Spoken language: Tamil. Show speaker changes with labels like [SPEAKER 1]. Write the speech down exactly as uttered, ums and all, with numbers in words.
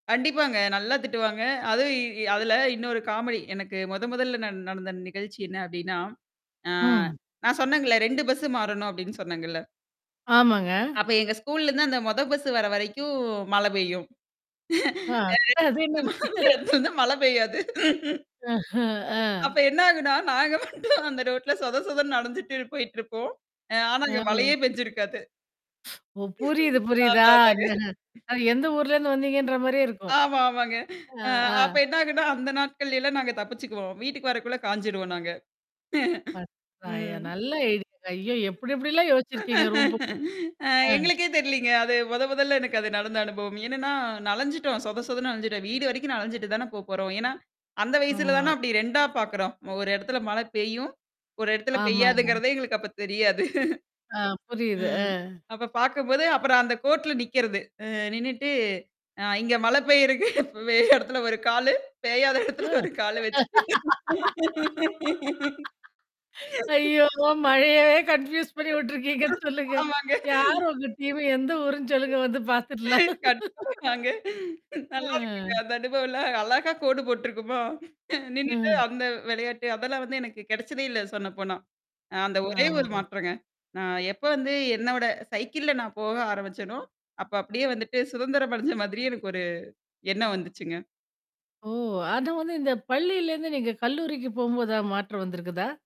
[SPEAKER 1] கண்டிப்பாங்க. நல்லா திட்டுவாங்க. அதுவும்
[SPEAKER 2] [unintelligible]
[SPEAKER 1] இ அதுல
[SPEAKER 2] சூப்பர்.
[SPEAKER 1] இன்னொரு காமெடி. எனக்கு மொத மொதல்ல நான் நடந்த நிகழ்ச்சி என்ன அப்டின்னா, ஆ
[SPEAKER 2] ம்.
[SPEAKER 1] நான் சொன்னேங்கல்ல ரெண்டு பஸ்ஸு மாறணும் அப்டின்னு சொன்னேங்கல்ல.
[SPEAKER 2] ஆமாங்க.
[SPEAKER 1] அப்ப எங்க ஸ்கூல்லருந்து அந்த மொத பஸ்ஸு வர்ற வரைக்கும் மழை பெய்யும். அ.
[SPEAKER 2] ஆ. அது என்னங்க?
[SPEAKER 1] [unintelligible] வந்து மழை பெய்யாது.
[SPEAKER 2] அஹம் ஆ.
[SPEAKER 1] அப்ப என்ன ஆகுனா, நாங்க மட்டும் அந்த ரோட்ல சொத சொதனு நனஞ்சுட்டு போயிட்டுருப்போம். அ ஆனா
[SPEAKER 2] ஆ.
[SPEAKER 1] அங்க மழையே பெஞ்சிருக்காது.
[SPEAKER 2] ஓ! புரியுது, புரியுது
[SPEAKER 1] அதா அதாங்க.
[SPEAKER 2] ஆ எந்த ஊர்லருந்து வந்தீங்கன்ற மாரியே இருக்கும்.
[SPEAKER 1] ஆமா, ஆமாங்க.
[SPEAKER 2] ஆ,
[SPEAKER 1] அ
[SPEAKER 2] ஆ.
[SPEAKER 1] அப்ப என்ன ஆகுன்னா, அந்த நாட்கள்லல்லாம் நாங்க தப்பிச்சுக்குவோம். வீட்டுக்கு வரக்குள்ள காய்ஞ்சுருவோம் நாங்க.
[SPEAKER 2] [unintelligible] ப. அயா!
[SPEAKER 1] ம்.
[SPEAKER 2] நல்ல ஐடியாங்க ஐயோ! எப்டி எப்டிலாம் யோசிச்சிருக்கீங்க ரூம் போ
[SPEAKER 1] அ
[SPEAKER 2] ஆ.
[SPEAKER 1] எங்களுக்கே தெரியலீங்க. அது மொத மொதல்ல எனக்கு அது நடந்த அனுபவம். என்னன்னா, நலஞ்சுட்டோம். சொத சொதன்னு நலஞ்சுட்டோம். வீடு வரைக்கும் நலஞ்சுட்டு தானே போ போறோம். ஏன்னா, அந்த வயசுல
[SPEAKER 2] ஆமா.
[SPEAKER 1] தானா அப்டி ரெண்டா பார்க்குறோம். ஒரு இடத்துல மழை பெய்யும். ஒரு இடத்துல
[SPEAKER 2] ஆமாங்க.
[SPEAKER 1] பெய்யாதுங்கிறதே எங்களுக்கு அப்ப தெரியாது.
[SPEAKER 2] ஆ புரியுது. அ.
[SPEAKER 1] ம். அப்ப பார்க்கும்போது அப்புறம் அந்த கோட்ல நிக்கிறது. அ நின்னுட்டு ஆ இங்க மழை பெய்யிருக்கு. வெ இடத்துல ஒரு காலு பெய்யாத இடத்துல
[SPEAKER 2] ஆ
[SPEAKER 1] ஒரு கால வச்சுட்டு.
[SPEAKER 2] ஐயோ! மழையவே கன்ஃப்யூஸ் பண்ணி வுட்டுருக்கீங்கன்னு சொல்லுங்க.
[SPEAKER 1] ஆமாங்க.
[SPEAKER 2] யார் உங்க டீம எந்த ஊருன்னு சொல்லுங்க வந்து பார்த்துடலாம்?
[SPEAKER 1] கண்டிப்பாங்க அங்க. நல்லாருக்குங்க
[SPEAKER 2] அ.
[SPEAKER 1] அந்த அனுபவம்ல்லாம் அழகா கோடு போட்டுருக்குமா, நின்னுட்டு
[SPEAKER 2] ம்.
[SPEAKER 1] அந்த விளையாட்டு. அதெல்லாம் வந்து எனக்கு கிடைச்சதே இல்ல சொன்ன போனா. அ அந்த ஒரே ஒரு
[SPEAKER 2] ஆமாங்க.
[SPEAKER 1] மாற்றங்க. நான் எப்போ வந்து என்னோட சைக்கிள்ல நான் போக ஆரம்பிச்சேனோ, அப்ப அப்டியியே வந்துட்டு சுதந்திரம் அடைஞ்ச மாதிரி எனக்கு ஒரு எண்ணம் வந்துச்சுங்க.
[SPEAKER 2] ஓ! ஆனா, வந்து இந்த பள்ளியிலேருந்து நீங்க கல்லூரிக்கு போம்போதாவது மாற்றம் வந்திருக்குதா?